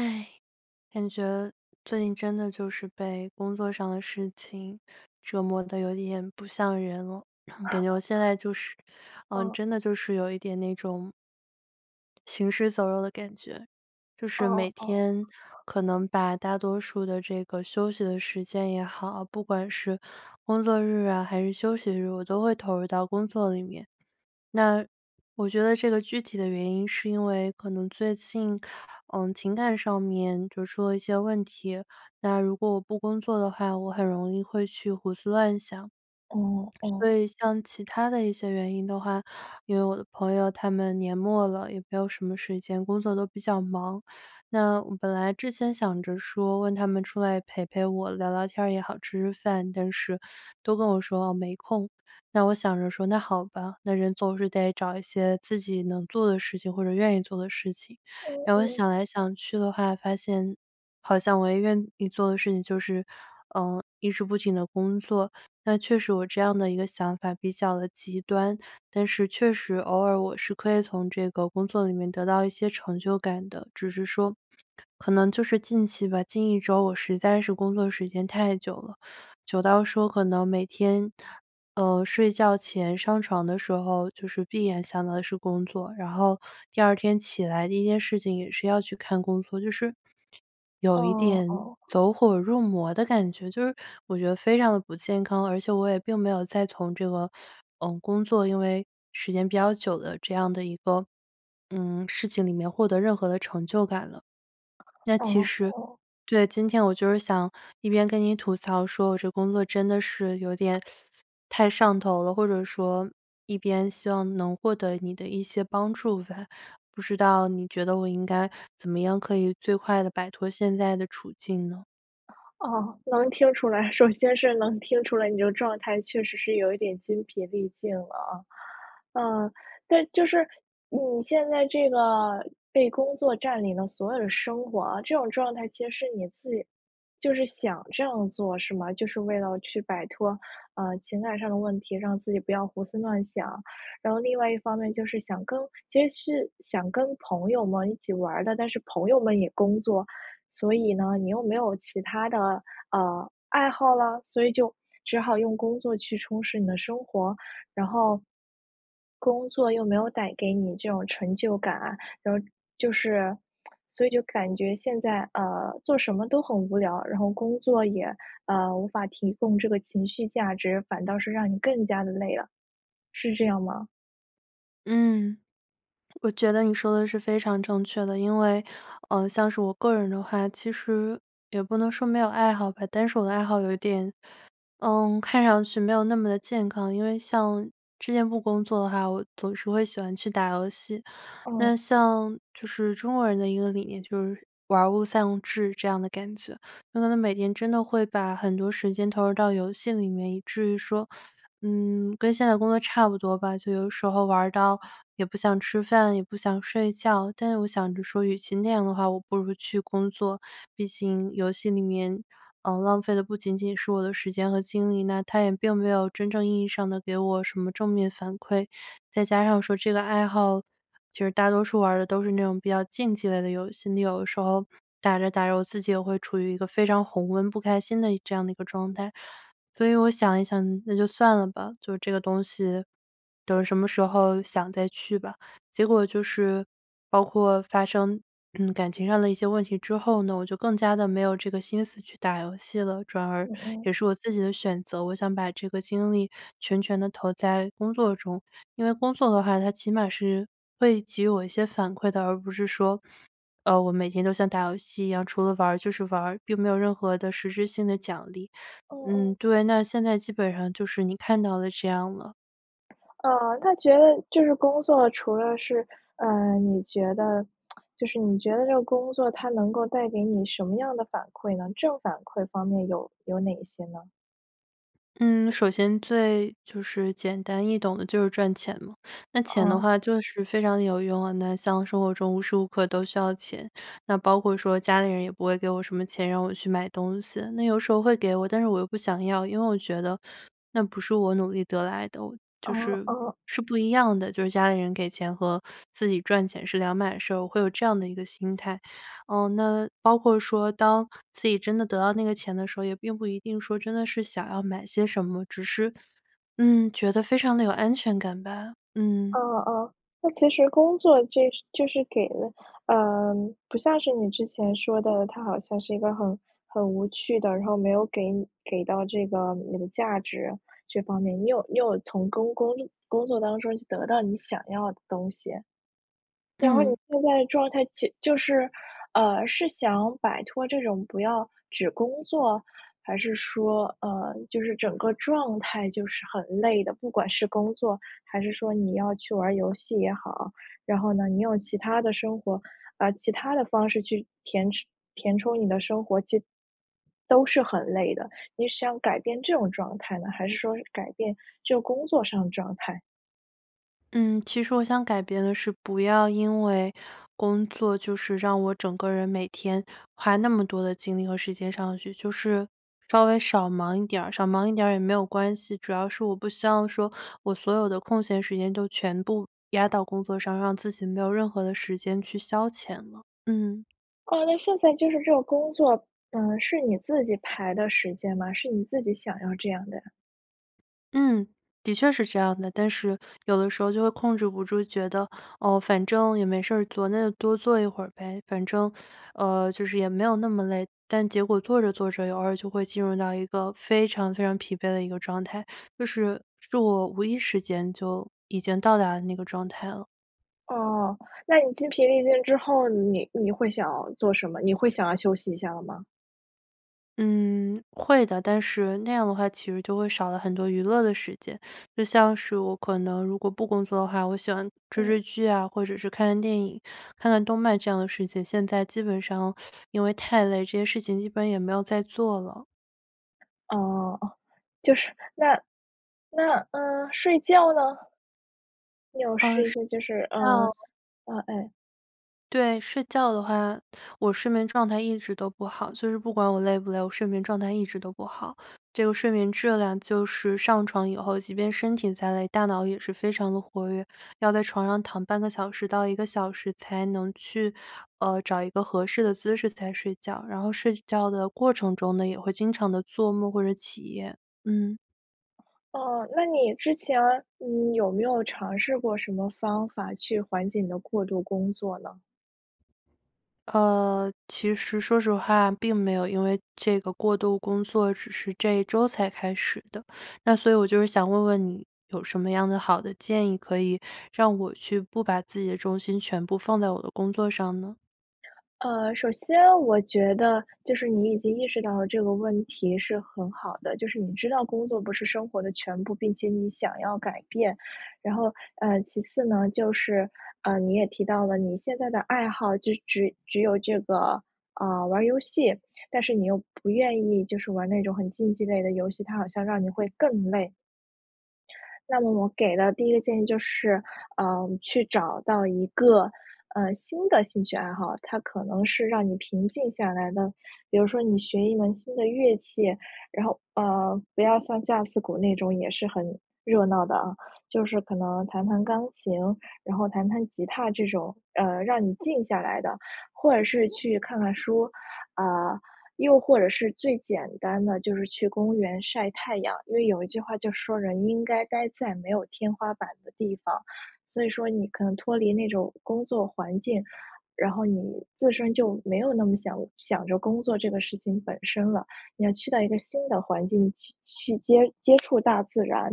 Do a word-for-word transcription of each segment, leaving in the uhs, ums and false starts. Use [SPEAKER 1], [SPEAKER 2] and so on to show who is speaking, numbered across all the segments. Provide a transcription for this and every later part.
[SPEAKER 1] 唉，感觉最近真的就是被工作上的事情折磨得有点不像人了。然后感觉我现在就是 嗯，
[SPEAKER 2] 哦。
[SPEAKER 1] 真的就是有一点那种行尸走肉的感觉。就
[SPEAKER 2] 哦
[SPEAKER 1] 是每
[SPEAKER 2] 哦哦。
[SPEAKER 1] 天可能把大多数的这个休息的时间也好不管是工作日啊还是休息日，我都会投入到工作里面。那，我觉得这个具体的原因是因为可能最近，呃，情感上面就出了一些问题。那如果我不工作的话，我很容易会去胡思乱想。
[SPEAKER 2] 哦
[SPEAKER 1] 所
[SPEAKER 2] 哦。
[SPEAKER 1] 以像其他的一些原因的话，因为我的朋友他们年末了，也没有什么时间，工作都比较忙。那我本来之前想着说问他们出来陪陪我聊聊天儿也好、吃吃饭，但是都跟我说没空。那我想着说那好吧，那人总是得找一些自己能做的事情，或者愿意做的事情。
[SPEAKER 2] 哦
[SPEAKER 1] 然后
[SPEAKER 2] 哦。
[SPEAKER 1] 想来想去的话发现，好像我也愿意做的事情就是，呃，一直不停地工作。那确实我这样的一个想法比较地极端，但是确实偶尔我是可以从这个工作里面得到一些成就感的。只是说可能就是近期吧，近一周我实在是工作时间太久了，久到说可能每天，呃，睡觉前上床的时候就是闭眼想到的是工作，然后第二天起来第一件事情也是要去看工作，就是，有一
[SPEAKER 2] 哦
[SPEAKER 1] 点
[SPEAKER 2] 哦。
[SPEAKER 1] 走火入魔的感觉。就是我觉得非常地不健康，而且我也并没有在从这个，呃，工作因为时间比较久的这样的一个，嗯，事情里面获得任何的成就感了。那其
[SPEAKER 2] 哦
[SPEAKER 1] 实
[SPEAKER 2] 哦。
[SPEAKER 1] 对，今天我就是想一边跟你吐槽说我这工作真的是有点 太上头了，或者说一边希望能获得你的一些帮助吧。不知道你觉得我应该怎么样可以最快地摆脱现在的处境呢？
[SPEAKER 2] 哦，能听出来首先是能听出来，你的状态确实是有一点精疲力尽了。呃，就是你现在这个，被工作占领的所有的生活这种状态其实是你自己就是想这样做是吗？就是为了去摆脱，呃，情感上的问题，让自己不要胡思乱想。然后另外一方面就是想跟其实是想跟朋友们一起玩儿的，但是朋友们也工作。所以呢你又没有其他的，呃，爱好了？所以就只好用工作去充实你的生活。然后，工作又没有带给你这种成就感啊然后就是 所以就感觉，现在，呃，做什么都很无聊。然后工作也，呃，无法提供这个情绪价值，反倒是让你更加地累了。是这样吗？
[SPEAKER 1] 嗯。我觉得你说的是非常正确的。因为，呃，像是我个人的话，其实也不能说没有爱好吧，但是我的爱好有一点，嗯看上去没有那么地健康。因为像之前不工作的话，我总是会喜欢去打游戏。那
[SPEAKER 2] 哦。
[SPEAKER 1] 像就是中国人的一个理念就是玩儿物丧志这样的感觉。那可能每天真的会把很多时间，投入到游戏里面，以至于说 嗯跟现在工作差不多吧。就有时候玩儿到也不想吃饭，也不想睡觉但是我想着说，与其那样的话，我不如去工作。毕竟游戏里面，嗯，浪费的不仅仅是我的时间和精力，那它也并没有真正意义上地给我什么正面反馈。再加上说这个爱好就是大多数玩儿的都是那种，比较竞技类的游戏。你有的时候打着打着我自己也会处于一个非常红温、不开心的这样的一个状态。所以我想一想，那就算了吧就这个东西，等什么时候想，再去吧。结果就是包括发生，嗯，感情上的一些问题之后呢，我就更加地没有这个心思去打游戏了。转而
[SPEAKER 2] 嗯嗯。
[SPEAKER 1] 也是我自己的选择，我想把这个精力全权地投在工作中。因为工作的话，它起码是会给予我一些反馈的而不是说，呃，我每天都像打游戏一样，除了玩儿就是玩儿，并没有任何的实质性的奖励。
[SPEAKER 2] 哦哦。
[SPEAKER 1] 嗯，对，那现在基本上就是你看到的这样了。
[SPEAKER 2] 呃，他觉得就是工作除了是呃，你觉得 就是你觉得这个工作它能够带给你什么样的反馈呢？正反馈方面有有哪些呢？
[SPEAKER 1] 嗯，首先最就是简单易懂的就是赚钱嘛，那钱的
[SPEAKER 2] 哦。
[SPEAKER 1] 话就是非常有用啊。那像生活中无时无刻都需要钱，那包括说家里人也不会给我什么钱，让我去买东西。那有时候会给我，但是我又不想要，因为我觉得那不是我努力得来的就
[SPEAKER 2] 哦
[SPEAKER 1] 是，
[SPEAKER 2] 哦。
[SPEAKER 1] 是不一样的。就是家里人给钱和自己赚钱是两码事儿，我会有这样的一个心态。哦，那包括说当自己真的得到那个钱的时候，也并不一定说真的是想要买些什么，只是，嗯，觉得非常地有安全感吧，嗯。
[SPEAKER 2] 嗯嗯，那其实工作这就是给了呃，不像是你之前说的，它好像是一个很很无趣的，然后没有给给到这个你的价值这方面。你有你有从工工力工作当中得到你想要的东西。然后你
[SPEAKER 1] 嗯。
[SPEAKER 2] 现在的状态就就是呃，是想摆脱这种不要只工作？还是说呃，就是整个状态就是很累的，不管是工作，还是说你要去玩儿游戏也好？然后呢，你用其他的生活，呃，其他的方式去填充填充你的生活就都是很累的。你是想改变这种状态呢，还是说改变这个工作上的状态？
[SPEAKER 1] 嗯，其实我想改变的是不要因为工作就是让我整个人每天花那么多的精力和时间上去。就是稍微少忙一点儿，少忙一点儿也没有关系。主要是我不希望说我所有的空闲时间都全部压到工作上，让自己没有任何的时间去消遣了，嗯。
[SPEAKER 2] 哦，那现在就是这个工作，呃是你自己排的时间吗？是你自己想要这样的呀。
[SPEAKER 1] 嗯，的确是这样的，但是有的时候就会控制不住，觉得，哦，反正也没事儿做，那就多做一会儿呗。反正，呃，就是也没有那么累。但结果做着做着偶尔就会进入到一个非常非常疲惫的一个状态就是，是我无意识间就已经到达了那个状态了。
[SPEAKER 2] 哦，那你精疲力尽之后，你你会想要做什么？你会想要休息一下了吗？
[SPEAKER 1] 嗯，会的，但是那样的话其实就会少了很多娱乐的时间。就像是我可能如果不工作的话，我喜欢追
[SPEAKER 2] 嗯。
[SPEAKER 1] 追剧啊，或者是看看电影，看看动漫这样的事情，现在基本上 因为太累，这些事情一般也没有再做了。
[SPEAKER 2] 哦哦，就是那那，呃，睡觉呢？你有
[SPEAKER 1] 呃，
[SPEAKER 2] 试一
[SPEAKER 1] 睡
[SPEAKER 2] 些就是，嗯，
[SPEAKER 1] 觉
[SPEAKER 2] 嗯，哎
[SPEAKER 1] 对，睡觉的话，我睡眠状态一直都不好。就是不管我累不累，我睡眠状态一直都不好。这个睡眠质量就是上床以后，即便身体再累，大脑也是非常地活跃，要在床上躺半个小时到一个小时才能去，呃，找一个合适的姿势才睡觉。然后睡觉的过程中呢，也会经常地做梦或者起夜。嗯。
[SPEAKER 2] 哦，那你之前，你有没有尝试过什么方法去缓解你的过度工作呢？
[SPEAKER 1] 呃，其实说实话，并没有，因为这个过度工作只是这一周才开始的。那所以我就是想问问你，有什么样的好的建议，可以让我去不把自己的重心全部放在我的工作上呢？
[SPEAKER 2] 呃，首先我觉得就是你已经意识到了这个问题是很好的。就是你知道工作不是生活的全部，并且你想要改变。然后，呃，其次呢，就是，呃，你也提到了你现在的爱好，只只只有这个，呃，玩儿游戏，但是你又不愿意就是玩那种很竞技类的游戏，它好像让你会更累。那么我给的第一个建议就是，呃，去找到一个，呃，新的兴趣爱好，它可能是让你平静下来的。比如说你学一门新的乐器，然后，呃，不要像架子鼓那种也是很热闹的啊，就是可能弹弹钢琴，然后弹弹吉他这种，呃，让你静下来的。或者是去看看书，啊，又或者是最简单的就是去公园晒太阳。因为有一句话就说人应该待在没有天花板的地方。所以说你可能脱离那种工作环境，然后你自身就没有那么想想着工作这个事情本身了。你要去到一个新的环境去去接接触大自然。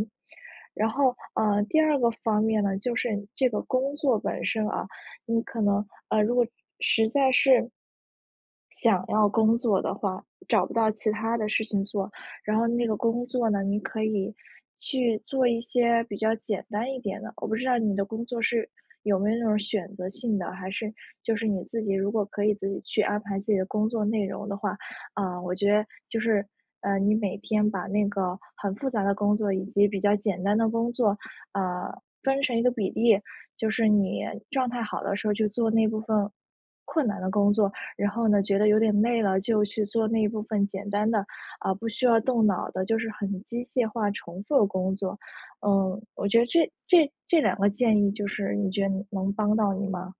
[SPEAKER 2] 然后，呃，第二个方面呢，就是这个工作本身啊，你可能，呃，如果实在是想要工作的话，找不到其他的事情做，然后那个工作呢，你可以去做一些比较简单一点的。我不知道你的工作是有没有那种选择性的，还是就是你自己如果可以自己去安排自己的工作内容的话呃，我觉得就是，呃，你每天把那个很复杂的工作以及比较简单的工作，呃，分成一个比例。就是你状态好的时候就做那部分困难的工作，然后呢，觉得有点累了就去做那部分简单的，啊，不需要动脑的，就是很机械化重复的工作。嗯，我觉得这这这两个建议就是你觉得你能帮到你吗？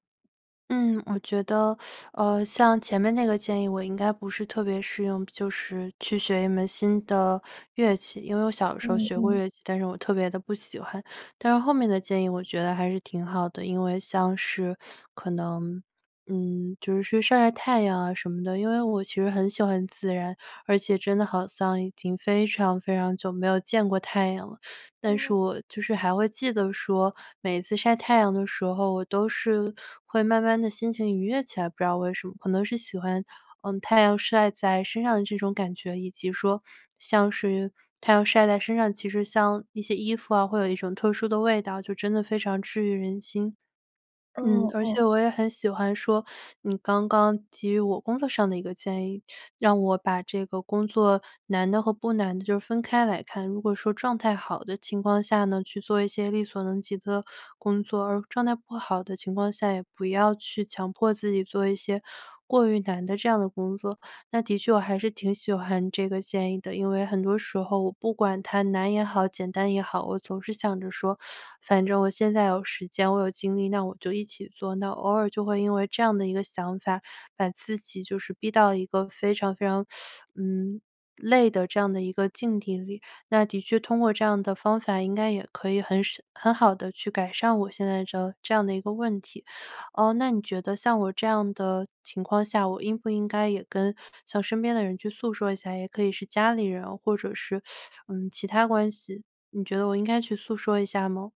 [SPEAKER 1] 嗯，我觉得，呃，像前面那个建议我应该不是特别适用，就是去学一门新的乐器。因为我小的时候
[SPEAKER 2] 嗯
[SPEAKER 1] 学过
[SPEAKER 2] 嗯。
[SPEAKER 1] 乐器，但是我特别地不喜欢，但是后面的建议我觉得还是挺好的。因为像是 可能，嗯就是去晒晒太阳啊什么的，因为我其实很喜欢自然，而且真的好像已经非常非常久没有见过太阳了。但是
[SPEAKER 2] 哦。
[SPEAKER 1] 我就是还会记得说，每次晒太阳的时候，我都是会慢慢地心情愉悦起来，不知道为什么。可能是喜欢，呃，太阳晒在身上的这种感觉，以及说像是太阳晒在身上，其实像一些衣服啊会有一种特殊的味道，就真的非常治愈人心。嗯，
[SPEAKER 2] 哦
[SPEAKER 1] 而
[SPEAKER 2] 哦。
[SPEAKER 1] 且我也很喜欢说 你刚刚给予我工作上的一个建议，让我把这个工作难的和不难的就分开来看。如果说状态好的情况下呢，去做一些力所能及的工作，而状态不好的情况下，也不要去强迫自己做一些过于难的这样的工作。那的确我还是挺喜欢这个建议的，因为很多时候我不管它难也好，简单也好，我总是想着说，反正我现在有时间我有精力，那我就一起做。那偶尔就会因为这样的一个想法把自己就是逼到一个非常非常，嗯，累的这样的一个境地里。那的确通过这样的方法，应该也可以很省很好地去改善我现在的这样的一个问题。哦，那你觉得像我这样的情况下，我应不应该也跟向身边的人去诉说一下，也可以是家里人或者是，呃，其他关系。你觉得我应该去诉说一下吗？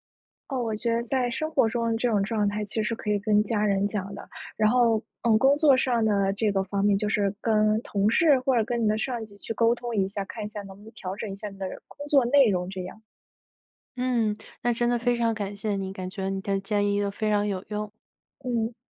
[SPEAKER 2] 哦，我觉得在生活中这种状态其实可以跟家人讲的。然后，呃，工作上呢这个方面就是跟同事或者跟你的上级去沟通一下，看一下能不能调整一下你的工作内容这样。
[SPEAKER 1] 嗯，那真的非
[SPEAKER 2] 嗯。
[SPEAKER 1] 常感谢你，感觉你的建议都非常有用。
[SPEAKER 2] 嗯。